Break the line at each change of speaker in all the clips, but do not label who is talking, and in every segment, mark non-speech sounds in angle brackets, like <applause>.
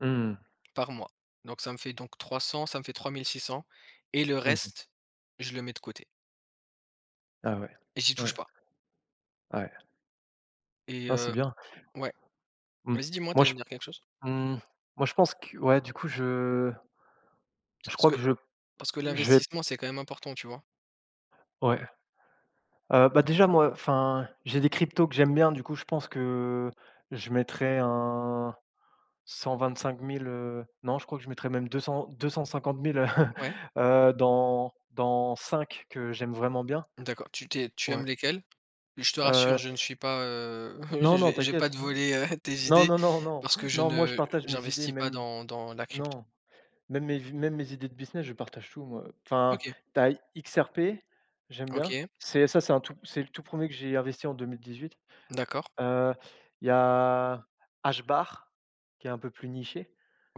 Mmh mh.
Par mois. Donc ça me fait donc 300, ça me fait 3 600 et le
Mmh mh.
reste, je le mets de côté
Ah, ouais,
t j'y touche
ouais.
pas
Ouais.
et
Non, c'est
heu,
bien.
ouais
Mmh.
vas-y, dis-moi, tu
Moi,
allais
je
me dire quelque chose.
mmh, moi, je pense que, ouais, du coup, je
C
je
parce
crois
que
que je
parce que
j'ai
l'investissement, c'est quand même important, tu vois?
Ouais. Heu, bah, déjà, moi, enfin, j'ai des cryptos que j'aime bien, du coup, je pense que je mettrais un 125 000 heu, non, je crois que je mettrais même 200 250 000,, <chuckles>
Ouais.
heu, dans dans 5 que j'aime vraiment bien.
D'accord, tu tu es tu
Ouais
aimes lesquelles? Je te rassure,
heu
je ne suis pas, heu heu, je
Non, non,
vais je vais pas
t'inquiète.
te voler, heu, tes
Non,
idées
non non, non,
parce que je
non, moi, je
ne
partage mes idées,
j'investis pas
même
dans dans la crypto.
non. Même mes v même mes idées de business, je partage tout, moi, heu. Enfin,
OK.
tu as XRP. J'aime bien.
OK.
C'est ça c'est un tout c'est le tout 1er que j'ai investi en 2018.
D'accord.
Heu, il y a HBAR qui est un peu plus niché.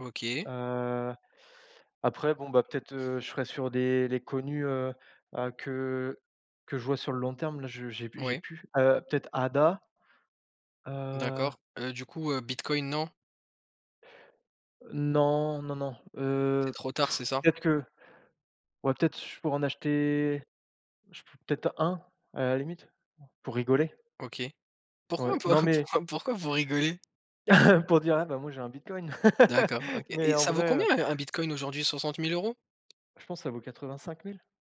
OK.
Heu, après, bon, bah, peut-être, heu, je serai sur des les connus, heu heu, que que je vois sur le long terme. Là, je j'ai p j'ai
Oui.
plus. Heu, peut-être ADA? Heu
D'accord, heu, du coup, heu, bitcoin, non?
Non, non, non,
C'est
heu,
trop tard, c'est
<blows air>
ça?
peut-être que ouais, peut-être sur je pourrais en acheter, je peux être un? A la limite, pour rigoler.
OK. Pourquoi
Ouais.
pour
Non, mais
pourquoi pourquoi vous rigolez?
<laughs> pour dire: «Eh! Bah, moi, j'ai un bitcoin!»
D'accord, OK.
<laughs> Mais
Et
en
ça vaut
vrai,
combien
heu
un un bitcoin aujourd'hui? 60 000 €?
Je pense, ça vaut 85 000.